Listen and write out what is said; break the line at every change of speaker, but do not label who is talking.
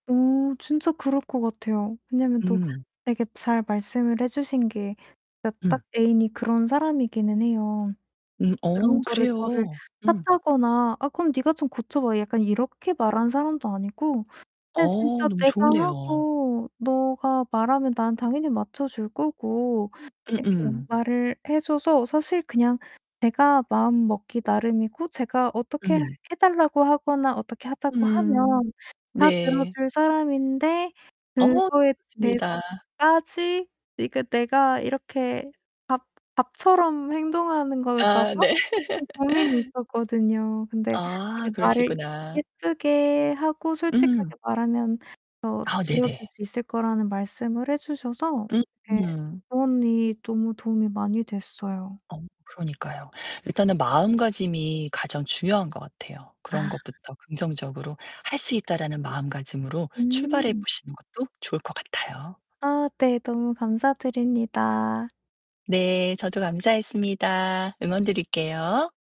어, 진짜 그럴 것 같아요. 왜냐면 또
음.
아 이렇게 잘 말씀을 해주신 게 그러니까 딱
음.
애인이 그런 사람이기는 해요.
음.
그런
어,
거를 저를
그래요. 음.
탓하거나 "아, 그럼 가 좀 고쳐봐." 약간 이렇게 말하는 사람도 아니고 그냥
어,
진짜
너무
내가
좋으네요.
하고 너가 말하면 난 당연히 맞춰줄 거고
음
이렇게
음.
말을 해 줘서 사실 그냥 제가 마음먹기 나름이고 제가 어떻게
음.
해 달라고 하거나 어떻게 하자고
음,
하면 다
네.
들어줄 사람인데
어,
그거에
좋습니다.
대해서까지 이게 내가 이렇게 밥 밥처럼 행동하는 걸까
아,
봐?
네.
좀 고민이 있었거든요. 근데
아,
이게 말을
그러시구나.
예쁘게 하고
음.
솔직하게 말하면 더
아.
들어줄
네네.
수 있을 거라는 말씀을 해 주셔서 그렇게
음.
조언이 너무 도움이 많이 됐어요.
어 그러니까요. 일단은 마음가짐이 가장 중요한 것 같아요. 그런
아.
것부터 긍정적으로 할 수 있다라는 마음가짐으로 출발해
음.
보시는 것도 좋을 것 같아요.
아 네. 너무 감사드립니다.
네, 저도 감사했습니다. 응원 드릴게요.